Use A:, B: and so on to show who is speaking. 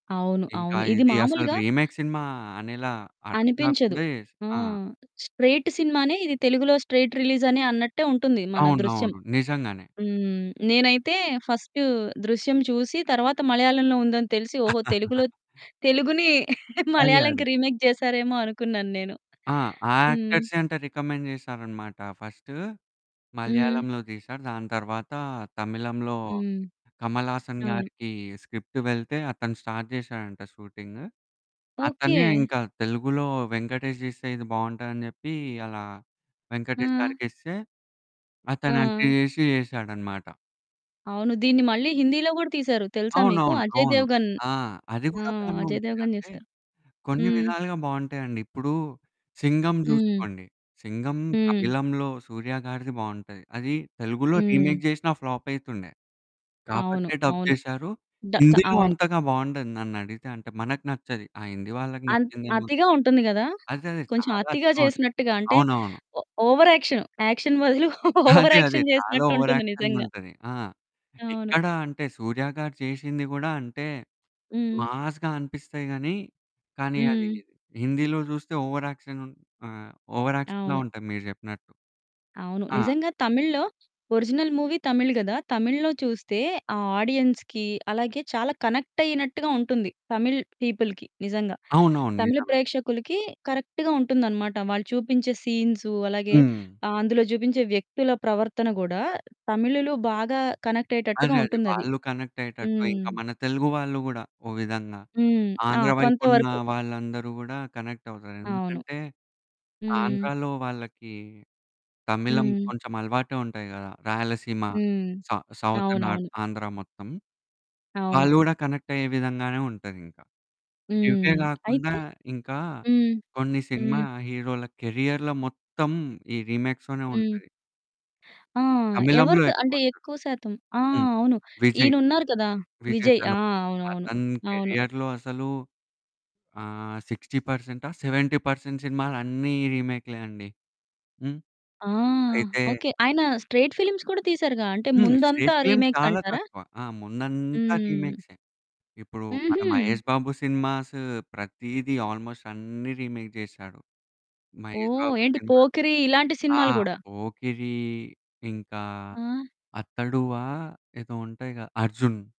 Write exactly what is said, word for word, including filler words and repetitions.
A: అవును,
B: ఇంకా
A: అవును. ఇది
B: ఇది అసలు
A: మాములుగా
B: రీమేక్ సినిమా అనేలా అర్థం
A: అనిపించదు.
B: కాకుండా చేస్
A: ఆ!
B: ఆ!
A: స్ట్రెయిట్ సినిమానే ఇది. తెలుగులో స్ట్రెయిట్ రిలీజ్ అనే అన్నట్టే ఉంటుంది మన 'దృశ్యం'.
B: అవునవును, నిజంగానే.
A: హ్మ్. నేనైతే ఫస్ట్ 'దృశ్యం' చూసి, తరువాత మలయాళంలో ఉందని తెలిసి, ఓహో! తెలుగులో తెలుగుని
B: అదే,
A: మలయాళంకి
B: అదే.
A: రీమేక్ జేసారేమో అనుకున్నాను నేను.
B: ఆ! ఆ
A: హ్మ్.
B: యాక్టర్సే అంట రికమెండ్ చేసారనమాట. ఫస్ట్
A: హ్మ్.
B: మలయాళంలో తీసారు. దాని తర్వాత తమిళంలో
A: హ్మ్.
B: కమల్ హాసన్
A: అవును
B: గారికి స్క్రిప్ట్ వెళ్తే, అతను స్టార్ట్ జేశాడంట షూటింగ్. అతనే
A: ఓకే.
B: ఇంకా తెలుగులో వెంకటేష్ తీస్తే ఇది బావుంటాదని చెప్పి అలా వెంకటేష్
A: ఆ!
B: గారికి ఇస్తే, అతను యాక్ట్
A: ఆ!
B: జేశి యేశాడనమాట.
A: అవును. దీన్ని మళ్ళీ హిందీలో కూడా తీసారు. తెలుసా మీకు?
B: అవునవును.
A: అజయ్
B: అవును.
A: దేవగన్.
B: ఆ! అది
A: ఆ!
B: గూడా బానే
A: అజయ్
B: ఉంటది.
A: దేవగన్
B: అంటే
A: చేసారు.
B: కొన్ని
A: హ్మ్.
B: విధాలుగా బావుంటాయండి. ఇప్పుడు 'సింగం'
A: హ్మ్.
B: జూసుకోండి. 'సింగం'
A: హ్మ్.
B: తమిళంలో సూర్య గారిది బావుంటది. అది తెలుగులో
A: హ్మ్.
B: రీమేక్ జేషినా ఫ్లాప్ అయితుండే.
A: అవును,
B: కాబట్టే డబ్
A: అవును,
B: చేశారు.
A: డ క
B: హిందీలో
A: అవును.
B: అంతగా బావుండదు, నన్నడిగితే. అంటే మనకు నచ్చది. ఆ హిందీ వాళ్ళకి
A: అంత్
B: నచ్చిందేమో గా
A: అతిగా ఉంటుంది కదా!
B: అదే అదే.
A: కొంచెం
B: చాలా
A: అతిగా
B: చోట్
A: చేసినట్టుగా, అంటే
B: అవునవును.
A: ఓ ఓవర్ యాక్షన్, యాక్షన్ బదులు ఓవర్
B: అదే అదే.
A: యాక్షన్
B: చాలా
A: చేసినట్టుంటుంది నిజంగా.
B: ఓవరాక్షన్‌గుంటది. ఆ!
A: అవును.
B: ఎక్కడ అంటే సూర్య గారు చేసింది గూడా అంటే
A: హ్మ్.
B: మాస్‌గా అనిపిస్తాయి గాని, కానీ అది
A: హ్మ్.
B: హిందీలో చూస్తే ఓవరాక్షన్, ఉన్ ఆహ్, ఓవరాక్షన్‌లా
A: అవును.
B: ఉంటది మీరు చెప్పినట్టు.
A: అవును.
B: ఆ!
A: నిజంగా తమిళ్లో ఒరిజినల్ మూవీ తమిళ్ గదా! తమిళ్లో చూస్తే ఆ ఆడియన్స్‌కి అలాగే చాలా కనెక్ట్ అయినట్టుగా ఉంటుంది. తమిళ్ పీపుల్‌కి నిజంగా
B: అవునవును,
A: తమిళ
B: నిజమే.
A: ప్రేక్షకులకి కరెక్ట్‌గా ఉంటుందనమాట. వాళ్ళు చూపించే సీన్సు. అలాగే
B: హ్మ్.
A: ఆహ్, అందులో చూపించే వ్యక్తుల ప్రవర్తన గూడా తమిళులు బాగా కనెక్ట్
B: అదే
A: అయ్యేటట్టుగా
B: అదే.
A: ఉంటుందది.
B: వాళ్ళు కనెక్ట్ అయ్యేటట్టు
A: హ్మ్.
B: ఇంకా మన తెలుగు వాళ్ళు కూడా ఒక విధంగా
A: హ్మ్. ఆ!
B: ఆంధ్ర
A: కొంత
B: వైపున్న
A: వరకు.
B: వాళ్ళందరూ గూడా కనెక్ట్ అవుతారు.
A: అవును,
B: ఎందుకంటే
A: హ్మ్.
B: ఆంధ్రాలో వాళ్ళకి తమిళం
A: హ్మ్.
B: కొంచెం అలవాటే ఉంటాయి గదా! రాయలసీమ,
A: హ్మ్.
B: సౌ సౌత్ నార్త్
A: అవునవును.
B: ఆంధ్ర మొత్తం
A: అవును.
B: వాళ్ళు గూడా కనెక్ట్ అయ్యే విధంగానే ఉంటదింకా. ఇవ్వే
A: హ్మ్.
B: గాకుండా
A: అయితే
B: ఇంకా
A: హ్మ్.
B: కొన్ని సినిమా
A: హ్మ్.
B: హీరోల కెరియర్‌లో మొత్తం ఈ రీమేక్స్‌లోనే
A: హ్మ్.
B: ఉంటది.
A: ఆ!
B: తమిళంలో
A: ఎవరికి అంటే
B: ఎక్కువుంటది.
A: ఎక్కువ శాతం ఆ!
B: హ్మ్,
A: అవును
B: విజయ్,
A: ఈయనున్నారు కదా
B: విజయ్
A: విజయ్ ఆ!
B: దళపతి
A: అవునవును,
B: అతని
A: అవును.
B: కెరియర్‌లో అసలు ఆహ్, సిక్స్టీ పర్సెంట్ ఆ? సెవెంటీ పర్సెంట్ సినిమాలన్నీ రీమేక్‌లే అండి. హ్మ్,
A: ఆ!
B: అయితే
A: ఓకే. ఆయన స్ట్రెయిట్ ఫిల్మ్స్ కూడా తీసారుగా! అంటే
B: హ్మ్.
A: ముందంతా
B: స్ట్రెయిట్ ఫిల్మ్స్ చాలా
A: రీమేక్సంటారా?
B: తక్కువ. ఆ! ముందంతా
A: హ్మ్.
B: రీమేక్సే. ఇప్పుడు మన
A: హుహు.
B: మహేష్ బాబు సినిమాసు ప్రతీది ఆల్‌మోస్ట్ అన్నీ రీమేక్ చేశాడు. మహేష్
A: ఓహ్!
B: బాబు
A: ఏంటి
B: సినిమాకి
A: 'పోకిరి' ఇలాంటి
B: ఆ!
A: సినిమాలు గూడా
B: 'పోకిరి', ఇంకా
A: ఆ!
B: అతడువా ఏదో ఉంటాయిగా 'అర్జున్.'